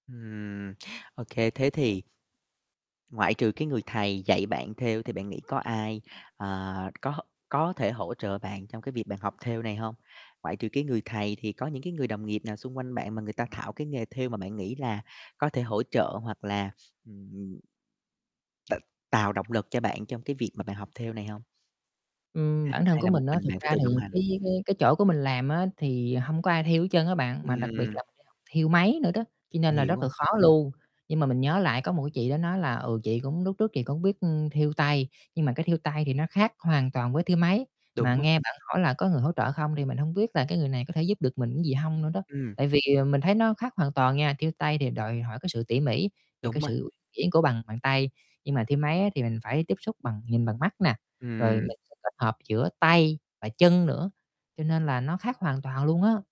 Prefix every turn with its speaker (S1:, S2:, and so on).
S1: Ừm, ô kê, thế thì ngoại trừ cái người thầy dạy bạn thêu thì bạn nghĩ có ai, ờ, có có thể hỗ trợ bạn trong cái việc bạn học thêu này hông? Ngoại trừ cái người thầy thì có những cái người đồng nghiệp nào xung quanh bạn mà người ta thạo cái nghề thêu mà bạn nghĩ là có thể hỗ trợ hoặc là, ừm t tạo động lực cho bạn trong cái việc mà bạn học thêu này hông?
S2: Ừm, bản thân
S1: Hay
S2: của
S1: là một
S2: mình á,
S1: mình
S2: thực
S1: bạn phải
S2: ra
S1: tự
S2: thì
S1: đồng hành?
S2: cái cái cái chỗ của mình làm á, thì hông có ai thêu hết trơn á bạn. Mà đặc biệt
S1: Ừm.
S2: là mình đi học thêu máy nữa đó, cho nên
S1: Mình
S2: là
S1: hiểu
S2: rất
S1: rồi.
S2: là khó luôn. Nhưng mà mình nhớ lại có một cái chị đó nói là, "Ừ, chị cũng lúc trước chị cũng biết thêu tay." nhưng mà cái thêu tay thì nó khác hoàn toàn với thêu máy. Mà
S1: Đúng rồi.
S2: nghe bạn hỏi là có người hỗ trợ không thì mình hông biết là cái người này có thể giúp được mình gì hông nữa đó.
S1: Ừm.
S2: Tại vì mình thấy nó khác hoàn toàn nha, thêu tay thì đòi hỏi cái sự tỉ mỉ và
S1: Đúng
S2: cái
S1: rồi.
S2: sự uyển chuyển của bàn bàn tay. Nhưng mà thêu máy á, thì mình phải tiếp xúc bằng nhìn bằng mắt nè, rồi mình
S1: Ừm.
S2: sẽ kết hợp giữa tay và chân nữa, cho nên là nó khác hoàn toàn luôn á.